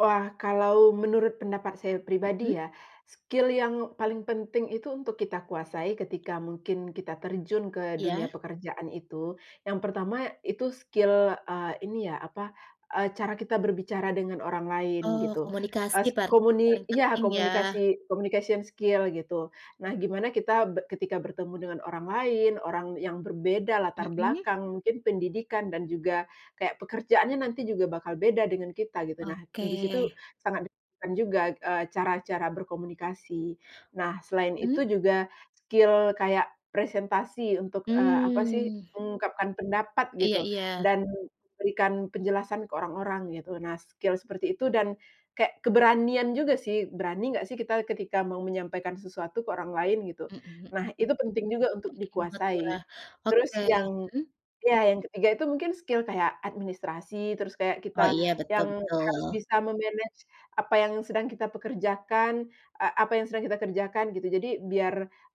Wah, kalau menurut pendapat saya pribadi Mhm. ya, skill yang paling penting itu, untuk kita kuasai ketika mungkin kita terjun ke dunia Iya. pekerjaan itu, yang pertama itu skill, eee, ini ya, apa, eee, cara kita berbicara dengan orang lain Oh, gitu, komunikasi es berarti komuni paling iya, penting ya? komunikasi, communication skill gitu. Nah, gimana kita be ketika bertemu dengan orang lain, orang yang berbeda latar Mhm. belakang, mungkin pendidikan dan juga kayak, pekerjaannya nanti juga bakal beda dengan kita gitu. Nah, Oke. di situ sangat de kan juga, eee, cara-cara berkomunikasi. Nah, selain itu Mhm. juga, skill kayak presentasi untuk, eee, apa sih, Mmm. mengungkapkan pendapat Iya gitu, iya. dan berikan penjelasan ke orang-orang gitu. Nah, skill seperti itu dan kek keberanian juga sih, berani nggak sih, ketika kita mau menyampaikan sesuatu ke orang lain gitu. Mmm, mhm Nah, mhm. itu penting juga untuk Penting banget ya? dikuasai. Terus Oke, yang mhm. iya, yang ketiga itu mungkin skill kaya administrasi, terus kaya kita Oh iya, betul yang harus betul. bisa me-manage apa yang sedang kita pekerjakan, eee, apa yang sedang kita kerjakan gitu, jadi biar,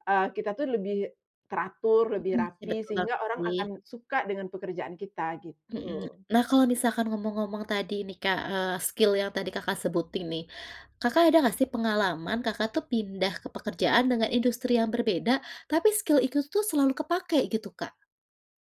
eee, kita tuh lebih teratur, lebih Mhm, ih rapi, betul sehingga banget orang sih. akan suka dengan pekerjaan kita, Mhm. gitu. Nah kalau misalkan ngomong-ngomong tadi nih, Kak, eee, skill yang tadi Kakak sebutin nih, Kakak ada enggak sih, pengalaman Kakak tuh pindah ke pekerjaan dengan industri yang berbeda, tapi skill itu tuh selalu kepakai gitu, Kak?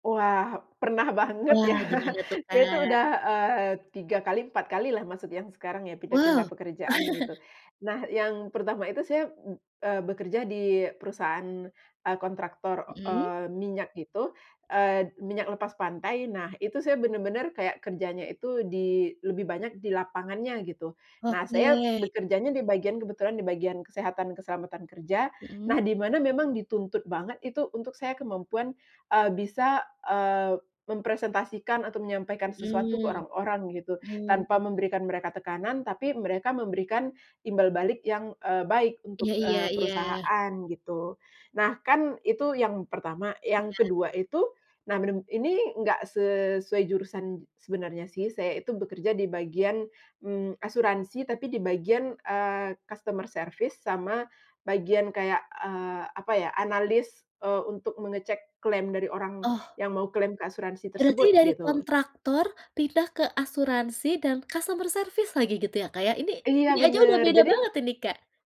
Oh, wah, pernah banget ya. Wah, gimana tuh, Saya tuh Kak? udah, eee, 3 kali 4 kali lah masuk yang sekarang, ya pindah-pindah Wow. pekerjaan gitu. Nah, yang pertama itu saya b eee, bekerja di perusahaan, eee, kontraktor, Mhm. eee, minyak gitu, eee, minyak lepas pantai. Nah, itu saya bener-bener kayak kerjanya itu di lebih banyak di lapangannya gitu. Nah, Oke. saya bekerjanya di bagian kebetulan di bagian kesehatan keselamatan kerja. Mhm. Nah, di mana memang dituntut banget itu untuk saya kemampuan, eee, bisa, eee, mempresentasikan atau menyampaikan sesuatu ke Mhm, orang-orang gitu, tanpa mmm. memberikan mereka tekanan, tapi mereka memberikan imbal balik yang, eee, baik untuk, Iya iya eee, iya. perusahaan gitu. Nah, kan itu yang pertama, yang Iya. kedua itu, nah beneb ini nggak sesuai jurusan sebenarnya sih, saya itu bekerja di bagian, mmm, asuransi. Tapi di bagian, eee, customer service sama bagian kayak, eee, apa ya, analis, eee, untuk mengecek klaim dari orang Oh. yang mau klaim ke asuransi Berarti tersebut, dari gitu. kontraktor, pindah ke asuransi dan customer service lagi gitu ya, Kak, ya? Ini Iya bunyi aja udah bener, beda jadi banget ini, Kak.